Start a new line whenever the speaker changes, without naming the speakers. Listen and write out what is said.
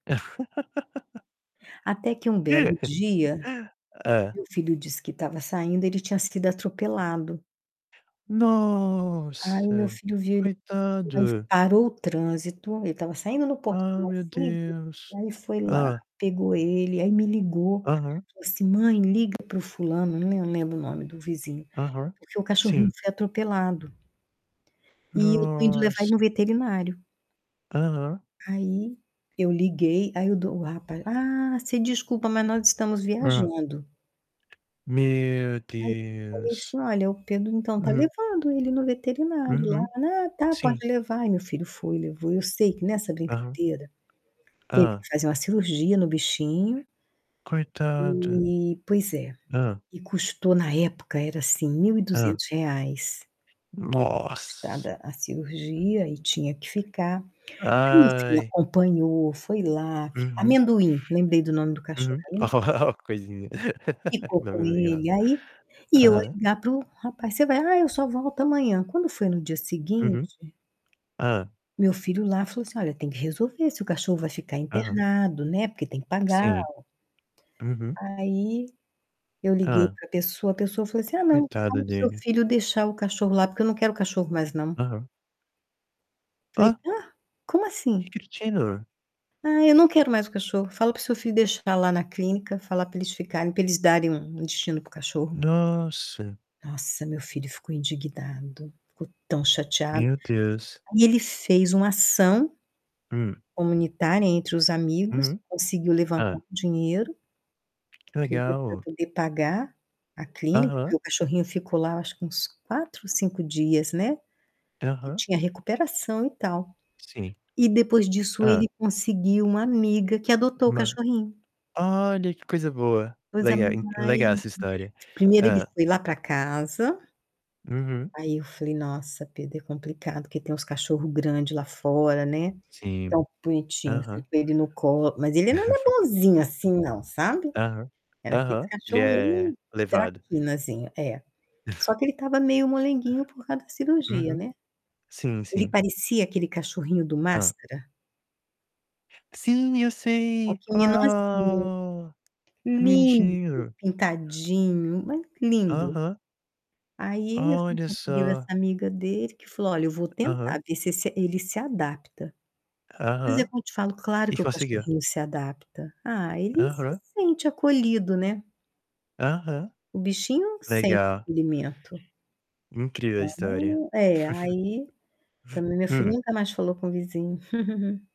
Até que um belo dia,
Hã.
meu filho disse que estava saindo, ele tinha sido atropelado. Aí, meu
Nossa!
filho viu ele [unintelligible]
Coitado!
parou o trânsito. Ele estava saindo no
Ah, meu
portãozinho,
Deus!
aí, foi lá,
Hã.
pegou ele, aí, me ligou,
Aham.
falou assim: "Mãe, liga para o fulano", não le não lembro o nome do vizinho,
Aham,
"Porque o cachorrinho
sim.
foi atropelado". "E eu estou indo levar ele no
Nossa!
veterinário".
Aham.
Aí, eu liguei. Aí, o do o rapaz: "Ah, você desculpa, mas nós estamos
Hã.
viajando".
Meu
Aí, eu falei
Deus!
assim: "Olha, o Pedro, então, tá
Hum.
levando ele no veterinário
Uhum,
lá, né". "Ah, tá,
sim.
pode levar". E meu filho foi, levou. Eu sei que nessa
Aham.
brincadeira, teve
Hã.
que fazer uma cirurgia no bichinho.
Coitado!
Eh, pois é.
Hã.
E custou na época era, assim, mil e
Hã.
duzentos reais.
Nossa!
[unintelligible] a cirurgia e tinha que ficar. Mas [unintelligible]
Ai.
acompanhou, foi lá, fi
Uhum.
Amendoim! Lembrei do nome do cachorro,
Uhum.
é "Amendoim".
Coisinha.
Ficou com ele. Aí
[unintelligible]
e eu a
Aham.
ligar para o rapaz, "Você vai". "Ah, eu só volto amanhã". Quando foi no dia
Uhum.
seguinte
Hã.
Meu filho lá, falou assim: "Olha, tem que resolver se o cachorro vai ficar
Aham.
internado, né, porque tem que pagar o"
Sim. Uhum.
aí, eu liguei
Hã.
para pessoa, a pessoa falou assim: "Ah, não,
Coitado
fala para o seu
dele.
filho deixar o cachorro lá, porque eu não quero o cachorro mais não".
Aham.
Falei:
Ó!
"Hã? Como
Que
assim?".
cretino!
"Ah, eu não quero mais o cachorro. Fala para o seu filho deixar lá na clínica, falar para eles ficarem, para eles darem um um destino para o cachorro".
Nossa!
Nossa, meu filho ficou indignado, ficou tão chateado.
Meu Deus!
Ai e ele fez um ação
Hum.
comunitária entre os amigos,
Uhum.
conseguiu levantar um
Hã.
dinheiro,
Que
[unintelligible] para
legal!
poder pagar a clínica, porque
Aham.
o cachorrinho ficou lá acho que uns 4, 5 dias, né. Que
Aham.
tinha recuperação e tal.
Sim.
E depois disso ele
Hã.
conseguiu uma amiga que adotou o
Ma
cachorrinho.
Olha! que coisa boa!
Coisa
Lega en
mais
legal essa história.
primeiro ele
Hã.
foi lá para casa
Uhum.
aí, eu falei: "Nossa, Pedro, é complicado porque tem uns cachorro grande lá fora, né.".
Sim,
Tão bonitinho, fui
aham.
com ele no co mas ele não era bonzinho, assim não, sabe. Era aqueles
Aham. Ele
cachorro
é
meio
levado.
traquinazinho. É. Só que ele estava meio moleguinho por causa da cirurgia,
Uhum.
né.
Sim,
Ele
sim.
parecia aquele cachorrinho do
Hã.
Máskara.
Sim, eu
Só
sei.
que menorzinho.
Ah! Que
Lindo,
bonitinho.
pintadinho, mas lindo.
Aham.
Aí, meu filho
Olha
conseguiu essa
só!
amiga dele que falou: "Olha, eu vou
Aham.
tentar ver se esse ele se adapta". Mas é
Aham.
como eu te falo: claro
E
que o
consegiu?
cachorrinho se adapta. Ah, ele se
Aham.
sente acolhido, né.
Aham.
O bichinho sente o
Legal.
acolhimento.
incrível a história.
[unintelligible] É, aí, também meu filho
Hum.
nunca mais falou com o vizinho.